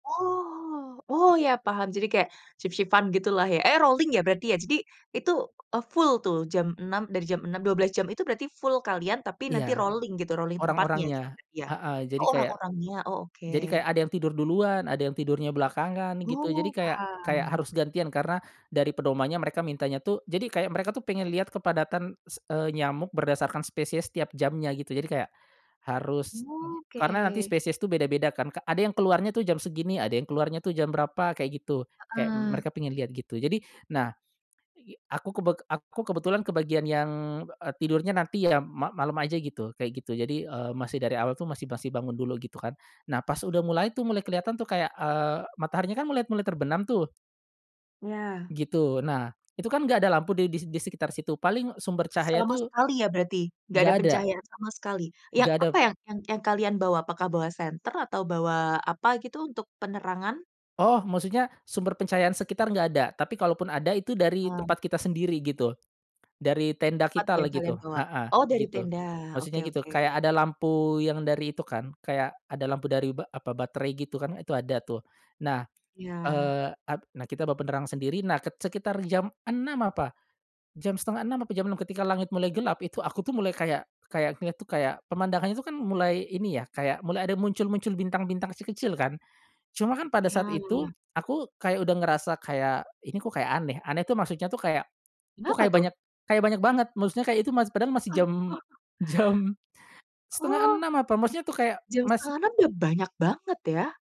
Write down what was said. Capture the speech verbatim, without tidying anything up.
Oh, oh ya paham. Jadi kayak shift-shift-an gitulah ya. Eh rolling ya berarti ya. Jadi itu, eee, full tuh jam enam dari jam enam, dua belas jam itu berarti full kalian tapi nanti Iya. rolling gitu, rolling tempatnya gitu Orang-orangnya. berarti ya? Heeh, jadi Oh kayak orang-orangnya, oh oke. jadi kayak ada yang tidur duluan, ada yang tidurnya belakangan gitu jadi Oh, kayak kayak paham. harus gantian karena dari pedomannya mereka mintanya tuh jadi kayak mereka tuh pengen lihat kepadatan s eee, nyamuk berdasarkan spesies tiap jamnya gitu jadi kayak, harus Oke. karena nanti spesies tuh beda-beda kan, k ada yang keluarnya tuh jam segini, ada yang keluarnya tuh jam berapa, kayak gitu. Kayak Heeh. mereka pengen lihat gitu. Jadi, nah igi aku kebe aku kebetulan ke bagian yang, eee, tidurnya nanti ya ma malem aja gitu, kayak gitu. Jadi, eee, masih dari awal tuh masih masih bangun dulu gitu kan. Nah pas udah mulai tuh mulai keliatan tuh kayak, eee, mataharinya kan mulai mulai terbenam tuh. Ya. Gitu nah, itu kan nggak ada lampu di di sekitar situ, paling sumber cahaya Sama tuh sekali ya berarti? Nggak ada Nggak ada. pencahayaan sama sekali? Yang Nggak ada apa, yang yang yang kalian bawa? Apakah bawa senter atau bawa apa gitu untuk penerangan? Oh, maksudnya sumber pencahayaan sekitar nggak ada. Tapi kalaupun ada itu dari Ah. tempat kita sendiri gitu, dari tenda Apa tuh kita lah yang kalian gitu, bawa? heeh, Oh dari gitu. tenda? Oke Maksudnya gitu, oke. kayak ada lampu yang dari itu kan, kayak ada lampu dari ba apa, baterai gitu kan itu ada tuh, nah. Iya. Eee ap nah kita bawa penerangan sendiri, nah ke sekitar jam enam apa, jam setengah enam apa jam enam ketika langit mulai gelap itu, aku tuh mulai kayak kayak lihat tuh kayak pemandangan itu kan mulai ini ya kayak, mulai ada muncul-muncul bintang-bintang kecil-kecil kan. Cuma kan pada saat Iya. itu, aku kayak udah ngerasa kayak, ini kok kayak aneh. Aneh tuh maksudnya tuh kayak, kok Kenapa kayak tuh? banyak kayak banyak banget, maksudnya kayak itu masih padahal masi jam jam setengah Oh. enam apa, maksudnya tuh kayak Jam masi setengah enam udah banyak banget ya?